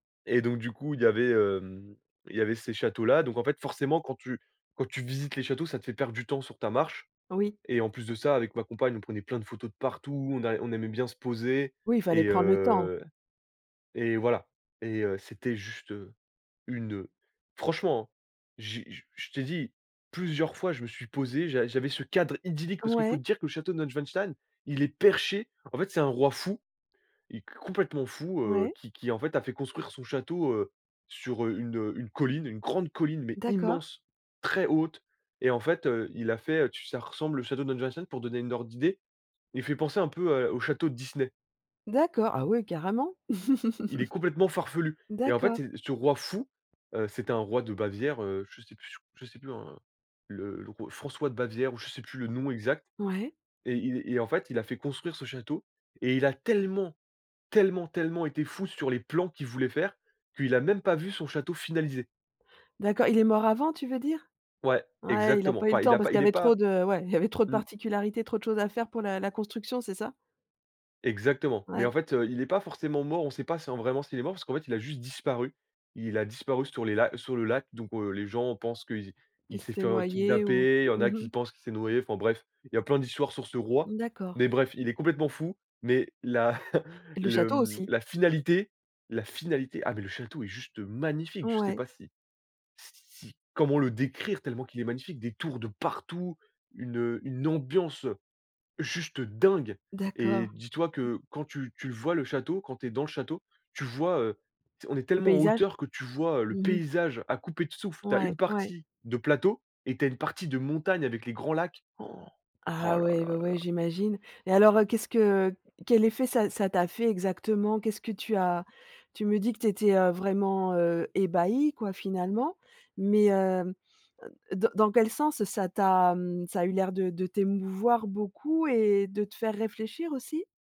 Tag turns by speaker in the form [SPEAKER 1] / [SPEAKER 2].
[SPEAKER 1] Et donc du coup, il y avait, hem, il y avait ces châteaux là. Donc, en fait, forcément, quand tu quand tu visites les châteaux, ça te fait perdre du temps sur ta marche
[SPEAKER 2] Oui.
[SPEAKER 1] et en plus de ça, avec ma compagne, on prenait plein de photos de partout, on a on aimait bien se poser
[SPEAKER 2] Oui, il fallait
[SPEAKER 1] et
[SPEAKER 2] prendre le temps?
[SPEAKER 1] heu et voilà et heu, c'était juste, heu, une, heu franchement, hein, j'ai je je t'ai dit plusieurs fois; je me suis posé, j'a j'avais ce cadre idyllique, parce qu'il faut
[SPEAKER 2] Ouais.
[SPEAKER 1] te dire que le château de Neuschwanstein, il est perché, en fait, c'est un roi fou et complètement fou, heu,
[SPEAKER 2] Ouais.
[SPEAKER 1] qui qui, en fait, a fait construire son château, heu, sur, heu, une une colline, une grande colline, mais
[SPEAKER 2] D'accord.
[SPEAKER 1] immense, très haute et en fait, heu, il a fait, heu, tu ça ressemble le château de Neuschwanstein pour donner une ordre d'idée. Il fait penser un peu à au château de Disney.
[SPEAKER 2] D'accord, ah oui, carrément?
[SPEAKER 1] Il est complètement farfelu et en fait,
[SPEAKER 2] D'accord.
[SPEAKER 1] c'est ce roi fou, heu, c'était un roi de Bavière, heu, je sais plus je sais plus en le le r François de Bavière ou je sais plus le nom exact
[SPEAKER 2] Ouais.
[SPEAKER 1] et il et en fait, il a fait construire ce château et il a tellement, tellement, tellement été fou sur les plans qu'il voulait faire, qu'il a même pas vu son château finalisé.
[SPEAKER 2] D'accord, il est mort avant tu veux dire?
[SPEAKER 1] Ouais,
[SPEAKER 2] Ouais, il a
[SPEAKER 1] exactement,
[SPEAKER 2] pas eu le
[SPEAKER 1] enfin, il
[SPEAKER 2] temps
[SPEAKER 1] a
[SPEAKER 2] parce
[SPEAKER 1] pas
[SPEAKER 2] qu'il y
[SPEAKER 1] il est
[SPEAKER 2] avait trop
[SPEAKER 1] pas
[SPEAKER 2] de ouais, il y avait trop de
[SPEAKER 1] mmh.
[SPEAKER 2] particularités, trop de choses à faire pour la la construction, c'est ça?
[SPEAKER 1] Exactement. Mais
[SPEAKER 2] Ouais.
[SPEAKER 1] en fait, heu, il est pas forcément mort, on sait pas si en vraiment s'il est mort, parce qu'en fait, il a juste disparu. Il a disparu sur les la sur le lac, donc heu, les gens pensent que i
[SPEAKER 2] Qui
[SPEAKER 1] il s'est
[SPEAKER 2] s'était
[SPEAKER 1] fait, heu,
[SPEAKER 2] noyé ou?
[SPEAKER 1] kidnapper, il y en
[SPEAKER 2] Mmh
[SPEAKER 1] a qui
[SPEAKER 2] mh.
[SPEAKER 1] pensent qu'il s'est noyé, enfin bref, il y a plein d'histoires sur ce roi,
[SPEAKER 2] Mmh, d'accord.
[SPEAKER 1] mais bref, il est complètement fou, mais la
[SPEAKER 2] Le
[SPEAKER 1] le,
[SPEAKER 2] château
[SPEAKER 1] hem,
[SPEAKER 2] aussi?
[SPEAKER 1] la finalité la finalité, ah mais le château est juste magnifique, je sais
[SPEAKER 2] Ouais.
[SPEAKER 1] pas si si comment le décrire tellement qu'il est magnifique, des tours de partout, une, heu, une ambiance juste dingue et
[SPEAKER 2] D'accord.
[SPEAKER 1] dis-toi que quand tu tu le vois le château, quand tu es dans le château, tu vois, heu, on est
[SPEAKER 2] Le
[SPEAKER 1] tellement en
[SPEAKER 2] paysage?
[SPEAKER 1] hauteur que tu vois, heu, le
[SPEAKER 2] Mmh mh.
[SPEAKER 1] paysage à couper de souffle. Tu as
[SPEAKER 2] Ouais.
[SPEAKER 1] une
[SPEAKER 2] Ouais.
[SPEAKER 1] partie de plateau et tu as une partie de montagne avec les grands lacs. Han! Oh
[SPEAKER 2] Ah
[SPEAKER 1] là
[SPEAKER 2] ouais,
[SPEAKER 1] là
[SPEAKER 2] ouais,
[SPEAKER 1] là
[SPEAKER 2] ouais,
[SPEAKER 1] là.
[SPEAKER 2] j'imagine et alors, heu, qu'est-ce que quel effet ça ça t'a fait exactement? Qu'est-ce que tu as? Tu me dis que tu étais, heu, vraiment, heu, ébahi, quoi, finalement, mais heu, dans dans quel sens ça t'a, mmh, ça eu l'air de de t'émouvoir beaucoup et de te faire réfléchir aussi?